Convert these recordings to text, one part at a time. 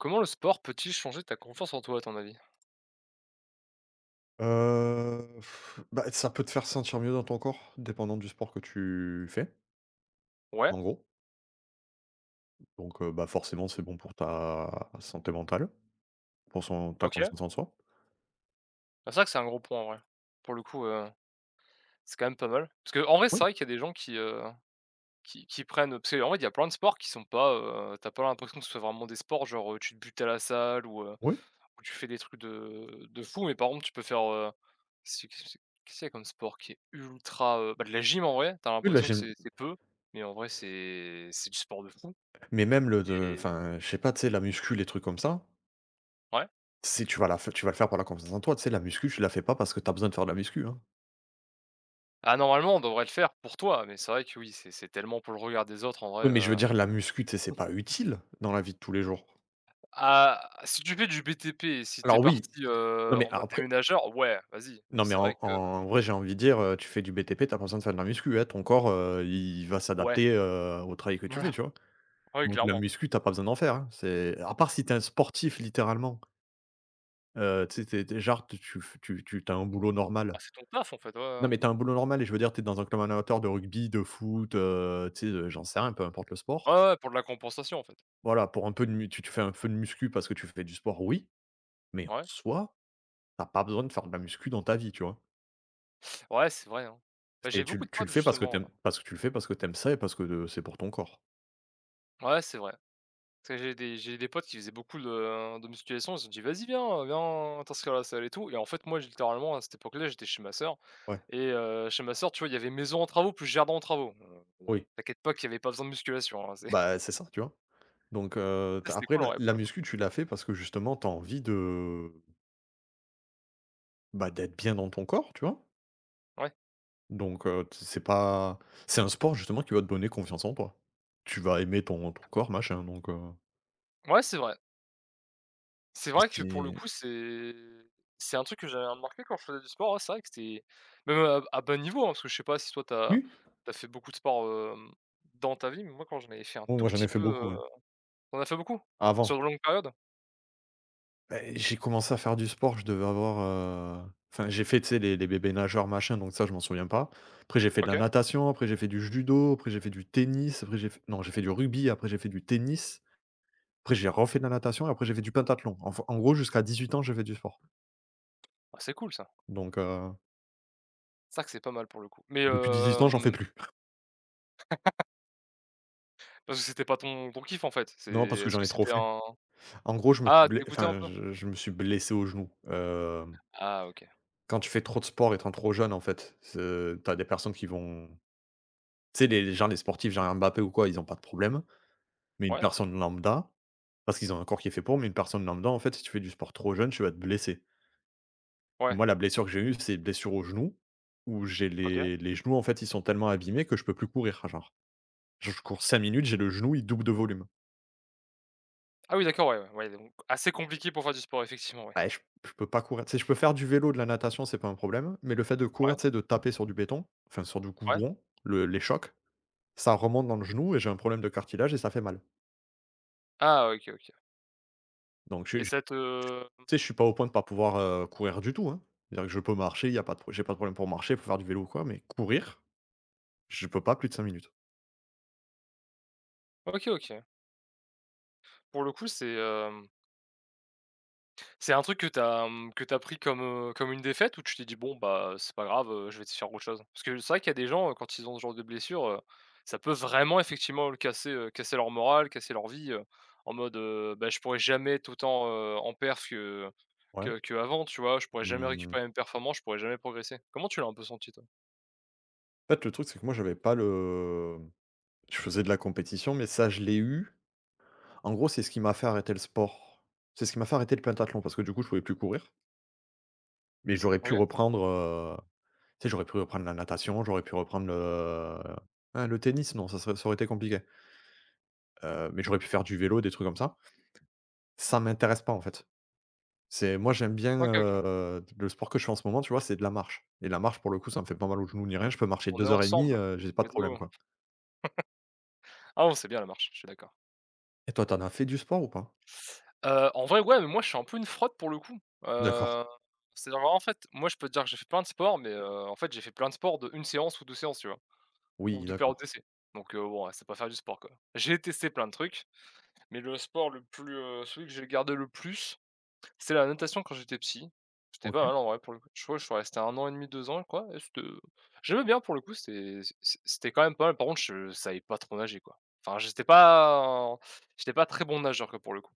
Comment le sport peut-il changer ta confiance en toi à ton avis? Heu, bah, ça peut te faire sentir mieux dans ton corps, dépendant du sport que tu fais. Ouais. En gros. Donc heu, bah forcément, c'est bon pour ta santé mentale. Pour son ta OK. confiance en soi. Bah, c'est vrai que c'est un gros point, en vrai. Pour le coup, heu, c'est quand même pas mal. Parce qu'en vrai c'est Oui. vrai qu'il y a des gens qui, heu, qui qui prennent, heu, tu sais en vrai il y a plein de sports qui sont pas, heu tu as pas l'impression que ce soit vraiment des sports. Genre, heu, tu te butes à la salle ou heu, Oui. ou tu fais des trucs de de fou mais par contre tu peux faire, heu c'est que s qu'est ce qu'il y a comme sport qui est ultra, heu? Bah de la gym en vrai, tu as Oui la l'impression que gym c'est c'est peu mais en vrai c'est c'est du sport de fou, Mais même le de et enfin, je sais pas, tu sais, la muscu les trucs comme ça Ouais. si tu vas la fai tu vas le faire pour la confiance en toi, tu sais? La muscu, tu la fais pas parce que tu as besoin de faire de la muscu, hein. Ah, normalement, on devrait le faire pour toi mais c'est vrai que oui, c'est c'est tellement pour le regard des autres en vrai, Oui mais je veux heu dire, la muscu, tu sais, c'est pas utile, dans la vie de tous les jours. Ah, si tu fais du BTP, si tu es Alors oui! parti, Non heu, mais en a mode après déménageur, ouais vas-y mais Non mais c'est vrai en que en vrai, j'ai envie de dire, heu, tu fais du BTP, tu as pas besoin de faire de la muscu, hein, ton corps, heu, il va Ouais. s'adapter, heu, au travail que tu fais, Voilà. tu vois? Ouais, Donc la clairement. muscu, tu as pas besoin d'en faire, hein, c'est à part si tu es un sportif littéralement heu, tu sais, tu es tu es genre tu es tu f tu tu as un boulot Ah normal c'est ton taf en fait, ouais, non ouais. mais tu as un boulot normal et je veux dire, tu es dans un club en amateur de rugby, de foot, heu, tu sais, heu, j'en sais rien, peu importe le sport. Ouais, ouais pour de la compensation, en fait. Voilà, pour un peu de mu tu te fais un feu de muscu, parce que tu fais du sport oui mais en Ouais. soi tu as pas besoin de faire de la muscu dans ta vie, tu vois? Ouais, c'est vrai, hein. Bah, Et j'ai beaucoup tu de tu le potes fais parce que tu justement, aimes heu parce que tu le fais parce que tu aimes ça et parce que, heu, c'est pour ton corps. Ouais, c'est vrai. Parce que j'ai des j'ai des potes qui faisaient beaucoup de, heu, de musculation, ils ont dit: «Vas-y, viens, heu, viens t'inscrire à la salle et tout», et en fait moi j littéralement à cette époque-là, j'étais chez ma sœur Ouais. et heu, chez ma sœur, tu vois il y avait maison en travaux plus jardin en travaux. Heu, heu, Oui. t'inquiète pas, qu'il y avait pas besoin de musculation, hein, c'est Bah, heu, c'est ça, tu vois? Donc heu, tu Ouais, as c'était après cool en la vrai la pour le coup. muscu tu l'as fait parce que justement, tu as envie de bah, d'être bien dans ton corps, tu vois? Ouais. Donc heu, t c' c'est pas c'est un sport justement qui va te donner confiance en toi. Tu vas aimer ton ton corps machin donc heu Ouais c'est vrai. C'est Mais vrai que pour le c'est coup, c'est c'est un truc que j'avais remarqué quand je faisais du sport, ouais. C'est vrai que c'est même à à bas niveau hein, parce que je sais pas si toi, tu as Oui. tu as fait beaucoup de sport, hem, dans ta vie mais moi quand j'en avais fait un Oh tout moi, j'en petit ai fait peu, beaucoup, heu ouais. t'en as fait beaucoup? Avant. Sur une longue période? Beh, j'ai commencé à faire du sport, je devais avoir, heu enfin, j'ai fait, tu sais, les les bébés nageurs machin donc ça, je m'en souviens pas. Après j'ai fait de la OK. natation, après j'ai fait du judo, après j'ai fait du tennis, après j'ai fait non, j'ai fait du rugby, après j'ai fait du tennis. Après, j'ai refait de la natation et après, j'ai fait du pentathlon. Enfin, en gros jusqu'à 18 ans, j'ai fait du sport. Ah c'est cool ça! Donc heu C'est vrai que c'est pas mal pour le coup mais Depuis 18 ans, j'en fais hem plus. Parce que c'était pas ton ton kiff en fait. C'est Non, parce que est-ce j'en que ai trop c'était fait. un En gros, je me suis ah, ble tu écoutais enfin encore? je je me suis blessé au genou. Hem Ah! OK. Quand tu fais trop de sport étant trop jeune en fait, c'est tu as des personnes qui vont tu sais les les genre les sportifs genre Mbappé ou quoi ils ont pas de problème mais une Ouais. personne lambda parce qu'ils ont un corps qui est fait pour mais une personne lambda en fait si tu fais du sport trop jeune, tu vas te blesser et Ouais. moi, la blessure que j'ai eue, c'est blessure au genou, où j'ai OK. les les genoux en fait, ils sont tellement abîmés que je peux plus courir. Enfin genre, je je cours 5 minutes, j'ai le genou, il double de volume. Ah oui d'accord, ouais, ouais. Ouais donc assez compliqué pour faire du sport, effectivement, ouais. Beh, j je peux pas courir. Tu sais, je peux faire du vélo, de la natation, c'est pas un problème mais le fait de Ouais. courir, tu sais de taper sur du béton enfin sur du Ouais. goudron, le les chocs ça remonte dans le genou et j'ai un problème de cartilage et ça fait mal. Ah! OK, OK Donc je j et j ça te m tu sais, je suis pas au point de pas pouvoir, heu, courir du tout, hein. C'est-à-dire que je peux marcher il y a pas de pro j'ai pas de problème pour marcher, pour faire du vélo ou quoi mais courir, je peux pas plus de 5 minutes. OK, OK. Pour le coup, c'est, hem c'est un truc que tu as, mmh, que tu as pris comme, heu, comme une défaite? Ou tu t'es dit: «Bon bah c'est pas grave, heu, je vais essayer de faire autre chose»? Parce que, c'est vrai qu'il y a des gens, heu, quand ils ont ce genre de blessure, heu, ça peut vraiment effectivement lui casser, heu, casser leur moral, casser leur vie, heu, en mode, heu, bah: «Je pourrais jamais être autant, heu, en performance que Ouais. que qu'avant» tu vois? «Je pourrais jamais Mmh. récupérer une performance, je pourrais jamais progresser». Comment tu l'as un peu senti, toi? En fait le truc, c'est que moi j'avais pas le, mmh je faisais de la compétition, mais ça je l'ai eu en gros c'est ce qui m'a fait arrêter le sport. C'est ce qui m'a fait arrêter le pentathlon parce que du coup je pouvais plus courir. Mais j'aurais pu OK. reprendre, heu, tu sais j'aurais pu reprendre la natation j'aurais pu reprendre le, heu, hein, le tennis? Non ça serait ça aurait été compliqué. Heu, mais j'aurais pu faire du vélo des trucs comme ça. Ça m'intéresse pas, en fait. C'est moi j'aime bien, OK, OK. heu, d le sport que je fais en ce moment, tu vois, c'est de la marche et la marche, pour le coup, ça me fait pas mal au genou ni rien. Je peux marcher On est 2 heures et 1/2, ensemble, heu, j'ai pas de let's go. problème, quoi. Ah non, c'est bien la marche, je je suis d'accord. Et toi, tu en as fait du sport ou pas? Heu, en vrai ouais mais moi, je suis un peu une fraude pour le coup. D'accord. Heu, c'est à dire, vraiment en fait moi, je peux te dire j'ai fait plein de sport mais heu, en fait, j'ai fait plein de sport d'1 séance ou 2 séances, tu vois? Ou Oui, de périodes d'accord. d'essai donc heu, bon c'est pas faire du sport, quoi. J'ai testé plein de trucs mais le sport le plus, heu, celui que j'ai gardé le plus c'est la natation quand j'étais petit. C'était pas OK. mal en vrai pour le coup. Je crois je suis resté 1 an et 1/2, 2 ans et quoi et c'était j'aimais bien pour le coup c'était c c c'était quand même pas mal. Par contre je savais pas trop nager, quoi, enfin, j'étais pas en j'étais pas très bon nageur quoi, pour le coup.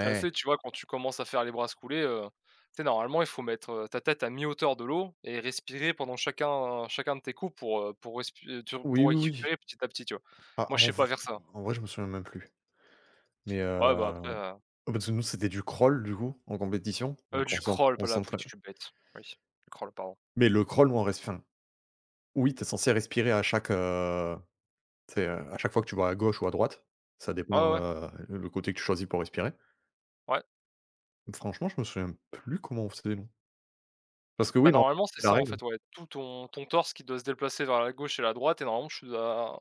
Tu es assez, tu vois, quand tu commences à faire les brasses coulées, heu, tu sais normalement il faut mettre, heu, ta tête à mi hauteur de l'eau et respirer pendant chacun chacun de tes coups pour, heu, pour respié tur Oui, pour oui, oui. récupérer petit à petit, tu vois? Bah Moi, je en sais v pas faire ça. en vrai, je me souviens même plus. Mais heu Ouais bah, après, ah heu bah, tu sais, nous, c'était du crawl du coup, en compétition, Heu, donc on du s'en crawl, on pas la [unintelligible] s'entraîne je suis bête. Oui du crawl, pardon. Mais le crawl, nous on reste enfin oui, tu es censé respirer à chaque, heu, tu sais, heu, à chaque fois que tu vas à gauche ou à droite, ça Ouais, ouais, dépend, ouais. heu, l le côté que tu choisis pour respirer. Ouais. Franchement, je me souviens plus comment on faisait, non parce que Bah, oui, norm normalement, c'est c'est la ça, en règle. fait, ouais, tout ton ton torse qui doit se déplacer vers la gauche et la droite et normalement tu dois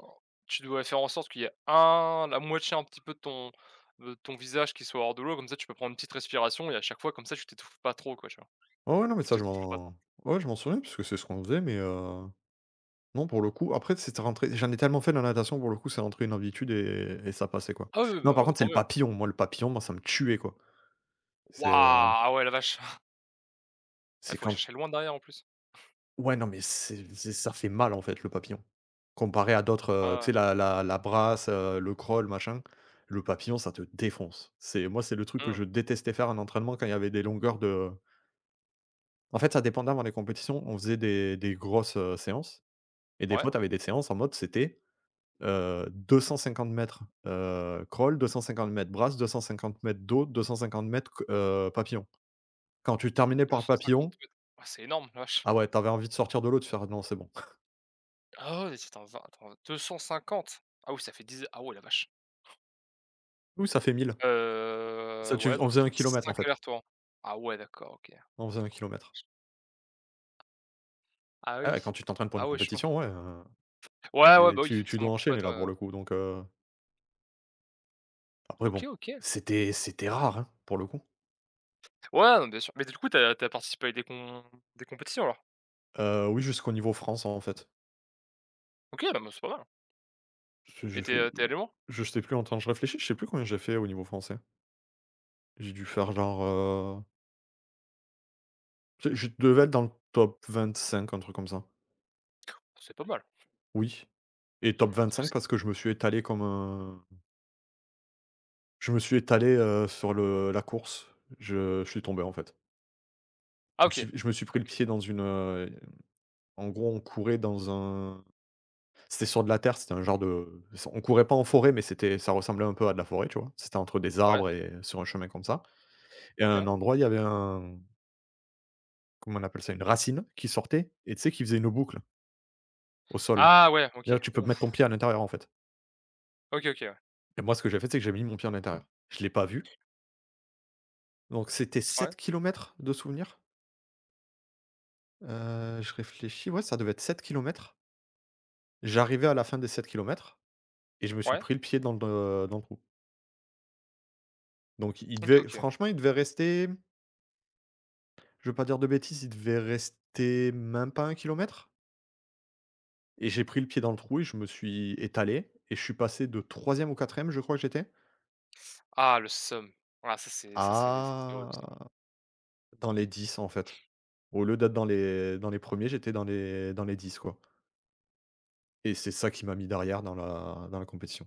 tu dois faire en sorte qu'il y ait un la moitié un petit peu de ton de ton visage qui soit hors de l'eau comme ça tu peux prendre une petite respiration et à chaque fois, comme ça tu t'étouffes pas trop, quoi, tu vois? Ouais, ouais, non mais Tu ça, je t'essouffles pas trop. m'en ouais, je m'en souviens puisque c'est ce qu'on faisait mais heu, non, pour le coup, après c'était rentré. J'en ai tellement fait de la natation, pour le coup, c'est rentré une habitude et et ça passait, quoi. Ah oui, oui. Non, par Bah, contre, c'est tant le mieux. papillon, moi, le papillon, moi ça me tuait, quoi. C'est Waouh! Ah ouais, la vache! Eh, c'est faut aller quand chercher loin derrière, en plus? Ouais, non mais c'est c'est ça fait mal, en fait, le papillon, comparé à d'autres, Ouais, heu, tu sais ouais. la la la brasse, heu, le crawl, machin. Le papillon, ça te défonce, c'est moi, c'est le truc que Mmh. je détestais faire en entraînement quand il y avait des longueurs de En fait, ça dépendait avant les compétitions, on faisait des des grosses, heu, séances et des fois, Ouais. tu avais des séances en mode c'était, heu, 250 m, heu, crawl, 250 m brasse, 250 m dos, 250 cr heu, papillon. Quand tu terminais deux par le cent cinquante papillon mètres, ah! C'est énorme, la vache! ah ouais, tu avais envie de sortir de l'eau et de faire «Non, c'est bon!». Ah oui, c'était un zin attends, 250, ah oui ça fait 10 a ah ouais la vache! Oui, ça fait 1000. Heu, Ça tu f ouais on donc ça faisait fait 1 km, en 5 fait. allers-retours. Ah ouais d'accord, OK. On faisait 1 km. Ah Ah oui, ouais, quand tu t'entraînes pour une ah ouais, chaud. compétition, ouais, hein Ouais, ouais. et Bah, oui, tu tu forcément, dois enchaîner, compétition, là, ouais, pour ouais. le coup donc heu Après, OK, bon, OK. c'était c'était rare, hein, pour le coup. Ouais, d bien sûr. Mais du coup, tu as tu as participé à des com des compétitions, alors? Heu, oui, jusqu'au niveau France, en fait. OK. Beh, me c'est pas mal. Parce Et je tu fais es tu es du allé loin? je sais plus, en temps, je réfléchis. Je sais plus combien j'ai fait au niveau français. J'ai dû faire, genre, heu je je devais être dans le top 25 un truc comme ça. C'est pas mal. Oui et top 25 [unintelligible] parce que je me suis étalé comme un je me suis étalé, heu, sur le la course, je je suis tombé, en fait. Ah Je me OK. suis je me suis pris le OK. pied OK. dans une, hem, en gros, on courait dans un c'était sur de la terre. C'était un genre de s on courait pas en forêt. Mais c'était ça ressemblait un peu à de la forêt, tu vois? C'était entre des Ouais. arbres et sur un chemin comme ça et à un OK. endroit, il y avait un comme on appelle ça? Une racine qui sortait et tu sais, qui faisait une boucle au sol. Ah ouais, OK. D'ailleurs, tu peux mettre ton Ouf. pied à l'intérieur, en fait. OK. OK. Ouais. Et moi, ce que j'ai fait, c'est que j'ai mis mon pied en intérieur. Je l'ai pas vu. Donc, c'était Ouais. 7 km de souvenirs. Heu, je réfléchis, ouais, ça devait être 7 km. J'arrivais à la fin des 7 km et je me suis Ouais. pris le pied dans de le, heu, dans le trou. Donc il OK. devait, OK. franchement, il devait rester, m je veux pas dire de bêtises, il devait rester même pas 1 km et j'ai pris le pied dans le trou et je me suis étalé et je suis passé de 3e ou 4e je crois que j'étais Ah le seum. Ah ça c'est ça c'est c c'est horrible ça. à dans les 10, en fait. Au lieu d'être dans les dans les 1ers j'étais dans les dans les 10, quoi. Et c'est ça qui m'a mis derrière dans la dans la compétition.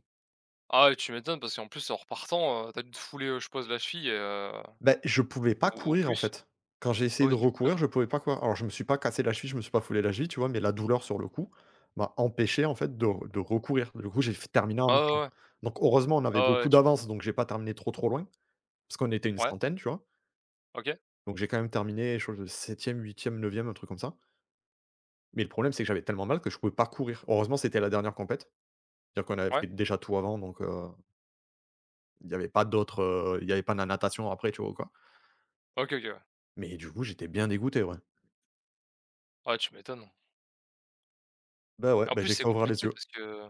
Ah ouais, tu m'étonnes parce qu'en plus en repartant, heu, tu as dû te fouler, heu, je suppose la cheville, heu, Beh, je pouvais pas ou ou courir, en plus? fait. Quand j'ai Ah bah essayé de oui, tu m'étonnes. recourir, je pouvais pas courir. Alors, je me suis pas cassé la cheville, je me suis pas foulé la cheville, tu vois? Mais la douleur, sur le coup, m'a empêché, en fait, de r de recourir. Du coup, j'ai f terminé en Ah ouais, marchant. ouais. Donc heureusement, on avait Ah ouais, ouais. beaucoup Tu m'étonnes. d'avance donc j'ai pas terminé trop, trop loin. Parce qu'on était une Ouais. centaine, tu vois? OK. Donc j'ai quand même terminé chose de 7e-8e-9e, un truc comme ça. Mais le problème, c'est que j'avais tellement mal que je pouvais pas courir. Heureusement, c'était la dernière compétition. Dire qu'on avait fait Ouais. déjà tout avant donc heu il y avait pas d'autres, heu, il y avait pas de la natation après, tu vois ou quoi? OK. OK. Ouais. Mais du coup, j'étais bien dégoûté, ouais. Ouais, tu m'étonnes. Beh, ouais, En bah, plus, j'ai c'est qu'à ouvrir les compliqué yeux. parce que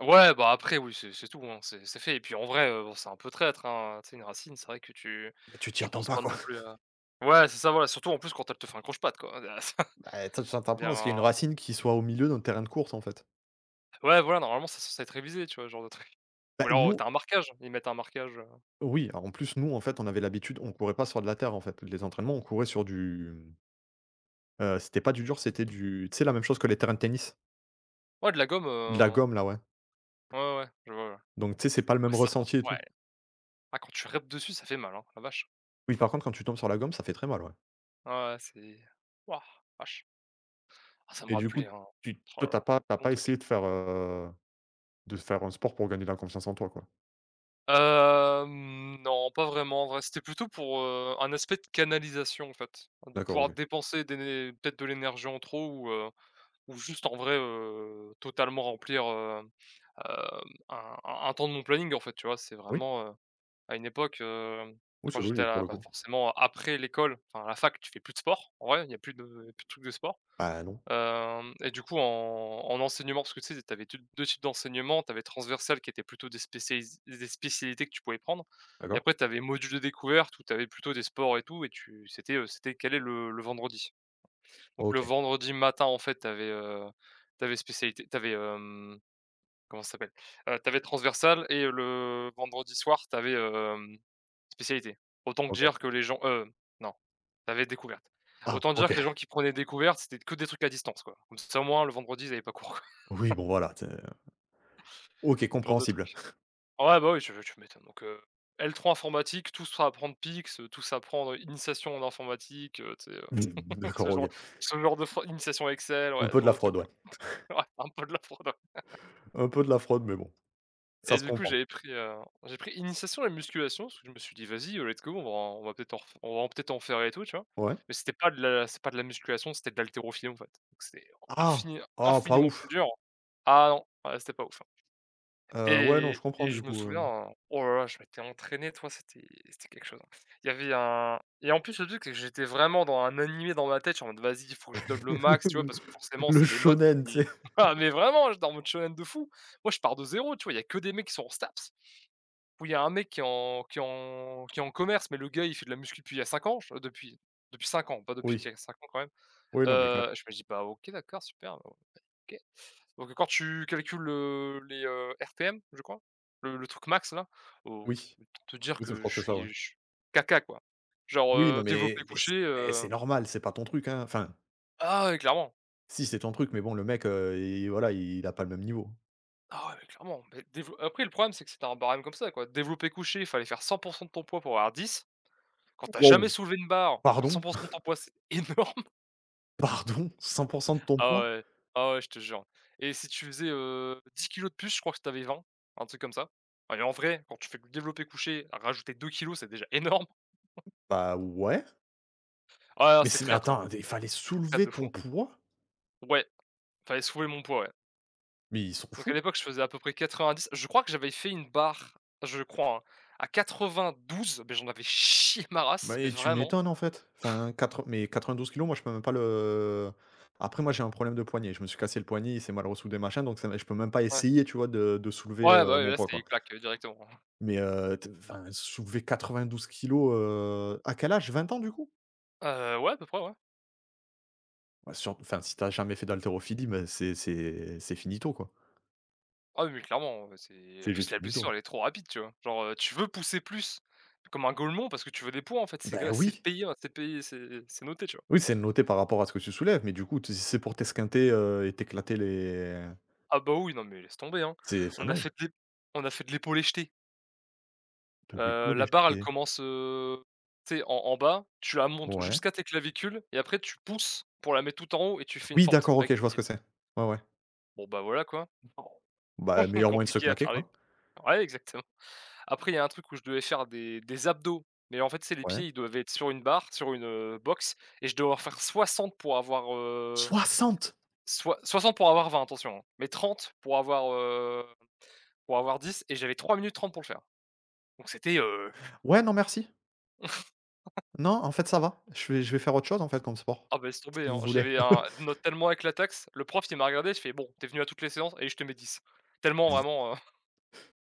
ouais, bah, après, oui, c'est c'est tout, hein. C'est c'est fait et puis, en vrai, heu, bon, c'est un peu traître, hein, tu sais une racine, c'est vrai que tu Bah tu t'y tu attends penses pas pas quoi. non plus à ouais, c'est ça, voilà, surtout, en plus, quand elle te fait un croche patte, quoi, Beh, toi, tu t'attends pas à ce qu'il y est une bien racine qui soit au milieu d'un terrain de course, en fait. Ouais, voilà, normalement, c'est sensé être révisé, tu vois, ce genre de truc. Bah, Ou alors, heu, nous tu as un marquage. Ils mettent un marquage, heu Oui, alors, en plus, nous, en fait, on avait l'habitude. On courait pas sur de la terre, en fait. Les entraînements, on courait sur du, mmh, heu, c'était pas du dur, c'était du tu sais, la même chose que les terrains de tennis. Ouais de la gomme, De la heu gomme, là, ouais. Ouais, ouais. Je vois, ouais. Donc tu sais, c'est pas le Ouais, même ça, par ressenti et contre ouais. tout. Ah quand tu rèpt dessus ça fait mal, hein, la vache. Oui, par contre, quand tu tombes sur la gomme, ça fait très mal. Ouais. Ouais, ouais. C'est wouah, la vache. Ah ça me Et du rappelait coup, un tu toi, ralala, tu as pas tu as long pas essayé truc. de faire, heu, de faire un sport pour gagner de la confiance en toi, quoi? Hem, non, pas vraiment. En vrai, c'était plutôt pour, heu, un aspect de canalisation, en fait, hein, de D'accord. pouvoir OK. dépenser des né peut-être de l'énergie en trop ou, heu, ou juste, en vrai, heu, totalement remplir, heu, hem, un un un temps de mon planning, en fait, tu vois? C'est Oui. vraiment, heu, à une époque, hem, Oui, quand c'est j'étais logique, pour à, le bah, coup. forcément, après l'école enfin à la fac, tu fais plus de sport, en vrai. Il y a plus de il y a plus de trucs de sport. Bah, non. Hem et du coup, en en enseignement parce ce que, tu sais, tu avais tu 2 types d'enseignement. Tu avais transversal qui était plutôt des spécialis zè spécialités que tu pouvais prendre et D'accord. après, tu avais module de découverte où tu avais plutôt des sports et tout et tu c'était, heu, c'était calé le le vendredi. Donc, le OK. vendredi matin, en fait, tu avais, heu, tu avais spécialité tu avais, hem, comment ça s'appelle? Heu, tu avais transversal et le vendredi soir, tu avais, hem, spécialité. Autant te dire OK. que les gens heu, non, tu avais découverte. Ah! Autant dire OK! que les gens qui prenaient découverte, c'était que des trucs à distance, quoi. Comme ça, au moins, le vendredi, ils avaient pas cours, quoi. Oui, bon, voilà, tu sais, heu, OK, Genre de compréhensible. trucs. Ah ouais, bah oui, tu veux tu m'étonnes donc heu, L3 informatique, tous à prendre PIX, tous à prendre initiation en informatique, heu, tu sais? Heu, Mmh mh. tu D'accord. sais, OK. genre ce genre de for initiation Excel, Un ouais, ce peu de genre la de truc, fraude. Ouais. quoi. C'est vrai, un peu de la fraude. Un peu de la fraude. Mais bon, ça Et se du coup, comprend. j'avais pris, heu, j'ai pris initiation à la musculation. Parce que je me suis dit: «Vas-y, heu, let's go. On va on va peut-être en ref on va peut-être en faire et tout», tu vois? Ouais. Mais, c'était pas de la c'est pas de la musculation. C'était de l'haltérophilie, en fait. Donc c'était Ah! infini Ah, pas infiniment plus ouf. dur ah non, ouais, c'était pas ouf, hein. Heu, ouais, non, Et je comprends, et du je me coup, souviens, hem un oh là là. Je m'étais entraîné, tu vois, c'était c'était quelque chose, hein. Il y avait un et en plus, le truc que j'étais vraiment dans un animé dans ma tête, genre: «Vas-y! Faut que je donne le max», tu vois? Parce que, forcément, Le c'est les notes shōnen, tu qui sais? ah mais vraiment, j'étais en mode shōnen de fou! Moi, je pars de 0 tu vois? Il y a que des mecs qui sont en STAPS ou il y a un mec qui est en qui est en qui est en commerce. Mais le gars, il fait de la muscu depuis il y a 5 ans, fe depuis depuis 5 ans pas depuis Oui. qu'il a 5 ans, quand même. Oui, non, mais quand m Heu, je me dis: «Bah, OK. D'accord, super, ben, OK». Donc heu, quand tu calcules, heu, les, heu, RTM, je crois. Le le truc max-là, au Oui. autant te dire Oui, c'est je que crois je que c'est ça. suis Ouais. ch caca, quoi, genre, Oui, non heu, mais développé mais c coucher, eh! heu C'est normal. C'est pas ton truc, hein, enfin Ah ouais, clairement. si, c'est ton truc. Mais bon, le mec, heu, il voilà, il a pas le même niveau. Ah ouais, clairement. Bah déve après, le problème, c'est que c'était un barème comme ça, quoi. Développé couché, fallait faire 100 % de ton poids pour avoir 10. Quand tu as Waouh! jamais soulevé une barre, faire Pardon? 100 % de ton poids, c'est énorme. Pardon? 100 % de ton Ah poids? ouais. Ah ouais, je te jure et si tu faisais, heu, 10 kilogrammes de plus, je crois que tu avais 20,, un truc comme ça. Allez, en vrai, quand tu fais du développé couché, rajouter 2 kilogrammes, c'est déjà énorme. Bah ouais. Ah ouais, non, Mais c'est c'est mais traître, hein. attends d il fallait C'est traître soulever de fou, ton hein. poids? Ouais, fallait soulever mon poids, ouais. Mais ils sont Donc à fous? l'époque, je faisais à peu près 90. Je crois que j'avais fait une barre, je crois, hein, à 92. Ben, j'en avais chié ma race mais Mais tu vraiment. m'étonnes, en fait, enfin, quatre mais 92 kilogrammes, moi, je peux même pas le après, moi, j'ai un problème de poignet. Je me suis cassé le poignet. Il s'est mal ressoudé, machin. Donc ça mais je peux même pas Ouais. essayer, tu vois, de de soulever, Ouais, bah, heu, ouais, mon là, poids, c'est quoi. claque, directement, hein. Mais, heu, t enfin soulever 92 kilogrammes, heu, à quel âge? 20 ans, du coup? Heu, ouais, à peu près, ouais. Bah, surt enfin, si tu as jamais fait d'haltérophilie, ben, c'est c'est c'est finito, quoi. Ah oui mais clairement, heu, c'est, en C'est plus, juste la blessure, finito. elle est trop rapide, tu vois? Genre, heu, tu veux pousser plus comme un golmon parce que tu veux des points, en fait, c'est q Beh c'est oui. payé c'est payé c'est c'est noté, tu vois? Oui, c'est noté par rapport à ce que tu soulèves. Mais du coup, t si c'est pour t'esquinter, heu et t'éclater les Ah bah, oui, non mais laisse tomber, hein. C'est enfin, On a non. fait des on a fait de l'épaulé-jeté. De Heu, la l'épaulé barre, elle jeté? commence, heu, tu sais en en bas. Tu la montes Ouais. jusqu'à tes clavicules et après, tu pousses pour la mettre tout en haut et tu fais une Oui, fente d'accord. avec OK. Je tes vois ce pieds. que c'est. Ouais, ouais. Bon, bah, voilà, quoi. Non. Bah, meilleur moyen de se Compliqué à claquer, faire les quoi. ouais, exactement. Après, il y a un truc où je devais faire des des abdos. Mais en fait, tu sais, les Ouais. pieds, ils doivent être sur une barre sur une, heu, box et je devais en faire 60 pour avoir, heu, 60? soi soixante pour avoir 20 attention mais 30 pour avoir, hem, pour avoir 10 et j'avais 3 minutes 30 pour le faire. Donc, c'était, heu Ouais, non merci. Non, en fait, ça va. Je fais je vais faire autre chose, en fait, comme sport, Ah beh, laisse tomber, si vous hein. voulez. J'avais eu un une note tellement éclataxe. Le prof, il m'a regardé, il fait: «Bon, tu es venu à toutes les séances? Allez je te mets 10» tellement, vraiment, heu